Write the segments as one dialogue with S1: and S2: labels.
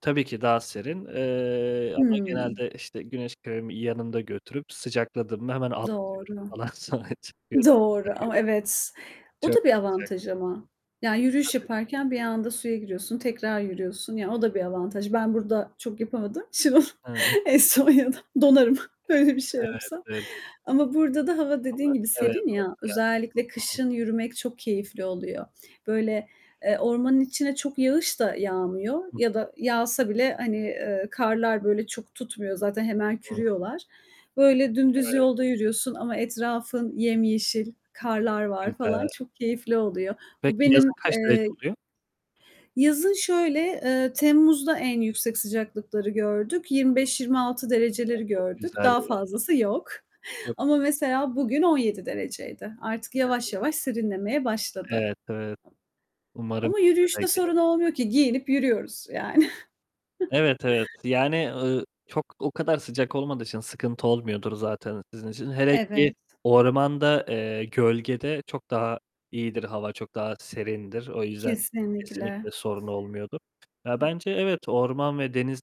S1: Tabii ki daha serin, eee, ama
S2: Hı.
S1: genelde işte güneş kremi yanımda götürüp, sıcakladığımda hemen atlıyorum
S2: Doğru.
S1: falan, sonra çıkıyorum.
S2: Doğru ama
S1: [unintelligible]
S2: evet. O
S1: Çok
S2: da bir
S1: sıcak.
S2: avantaj ama. Yani
S1: Tabii,
S2: yürüyüş
S1: tabii.
S2: yaparken bir anda suya giriyorsun, tekrar yürüyorsun. Ya, o da bir avantaj. Ben burada çok yapamadığım için onu
S1: Hı. Evet
S2: eee, Estonya'da, donarım öyle bir şey yapsam
S1: evet.
S2: ama burada da hava dediğin
S1: [unintelligible]
S2: gibi
S1: Evet.
S2: serin
S1: Çok
S2: ya,
S1: güzel.
S2: özellikle
S1: Hı hı.
S2: kışın yürümek çok keyifli oluyor. Böyle, eee, ormanın içine çok yağış da yağmıyor
S1: Hı hı.
S2: ya da yağsa bile, hani, eee, karlar böyle çok tutmuyor. Zaten hemen
S1: Hı.
S2: kürüyorlar. Böyle, dümdüz
S1: Evet.
S2: yolda yürüyorsun ama etrafın yemyeşil, karlar
S1: Çok
S2: var falan.
S1: güzel.
S2: Çok keyifli oluyor. Bu
S1: Peki yazın
S2: benim,
S1: kaç derece
S2: eee
S1: oluyor?
S2: Yazın şöyle, eee, Temmuz'da en yüksek sıcaklıkları gördük.
S1: Hı
S2: 25-26
S1: hı. Ya,
S2: dereceleri
S1: çok
S2: gördük.
S1: güzel
S2: Daha
S1: ya!
S2: fazlası yok.
S1: [unintelligible]
S2: Ama mesela bugün 17 dereceydi. Artık yavaş
S1: [unintelligible]
S2: yavaş serinlemeye başladı.
S1: Evet evet. Umarım
S2: Ama
S1: bize de
S2: yürüyüşte
S1: gelir.
S2: sorun olmuyor ki giyinip yürüyoruz yani.
S1: Evet, evet. Yani, ııı, çok, o kadar sıcak olmadığı için sıkıntı olmuyordur zaten sizin için. Hele ki
S2: Evet.
S1: ormanda, eee, gölgede çok daha iyidir, hava çok daha serindir. O yüzden kesinlikle
S2: Kesinlikle.
S1: sorun olmuyordur. Ya, bence evet, orman ve deniz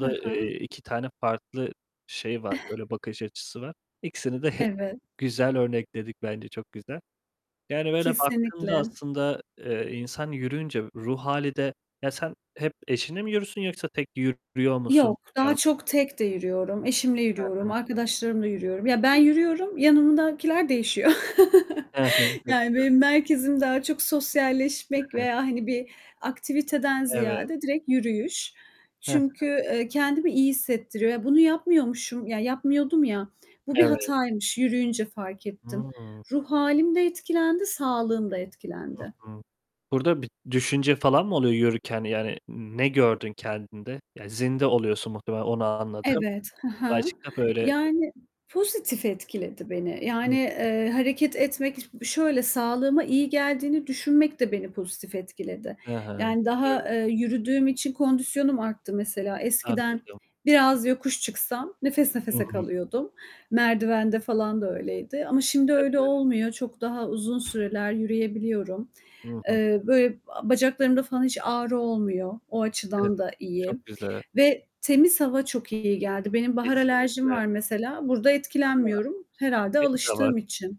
S2: Hı hı.
S1: eee, 2 tane farklı şey var, böyle, bakış açısı var. İkisini de he
S2: Evet.
S1: güzel örnekledik, bence çok güzel. Yani böyle baktığında
S2: Kesinlikle.
S1: aslında, eee, insan yürüyünce ruh hâli de, ya sen hep eşinle mi yürüyorsun yoksa tek te yürüyor musun?
S2: Yok, daha
S1: [unintelligible]
S2: çok tek de yürüyorum. Eşimle
S1: Hı
S2: yürüyorum,
S1: hı.
S2: arkadaşlarımla yürüyorum. Ya, ben
S1: [unintelligible]
S2: yürüyorum, yanımdakiler değişiyor.
S1: Hı hı. Çok
S2: Yani
S1: güzel.
S2: benim merkezim daha çok
S1: Hı
S2: sosyalleşmek
S1: hı.
S2: veya, hani, bir aktiviteden
S1: Evet.
S2: ziyade direkt yürüyüş.
S1: Hı hı.
S2: Çünkü, eee, kendimi iyi hissettiriyor. Ya, bunu yapmıyormuşum, ya yapmıyordum ya, bu bir
S1: Evet.
S2: hataymış, yürüyünce fark ettim.
S1: Hı.
S2: Ruh hâlim de etkilendi, sağlığım da
S1: Hı
S2: etkilendi.
S1: hı. Burada bir düşünce falan mı oluyor yürürken? Yani ne gördün kendinde? Ya, zinde oluyorsun muhtemelen, onu anladım.
S2: Evet, hı hı,
S1: Başka böyle
S2: yani pozitif etkiledi beni.
S1: Hı
S2: Yani,
S1: hı.
S2: eee, hareket etmek, b şöyle sağlığıma iyi geldiğini düşünmek de beni pozitif etkiledi.
S1: Hı hı.
S2: Yani daha,
S1: [unintelligible]
S2: eee, yürüdüğüm için kondisyonum arttı mesela. Eskiden
S1: Anladım.
S2: biraz yokuş çıksam nefes
S1: Hı
S2: nefese
S1: hı.
S2: kalıyordum. Merdivende falan da öyleydi ama şimdi öyle
S1: Tabii.
S2: olmuyor. Çok daha uzun süreler yürüyebiliyorum.
S1: Hı hı.
S2: Eee, böyle, bacaklarımda falan hiç ağrı olmuyor. O
S1: Evet.
S2: açıdan da iyi
S1: Çok güzel.
S2: ve temiz hava çok iyi geldi. Benim bahar alerjim
S1: Kesinlikle.
S2: var mesela. Burada
S1: A!
S2: etkilenmiyorum herhâlde
S1: Benim de var.
S2: alıştığım için.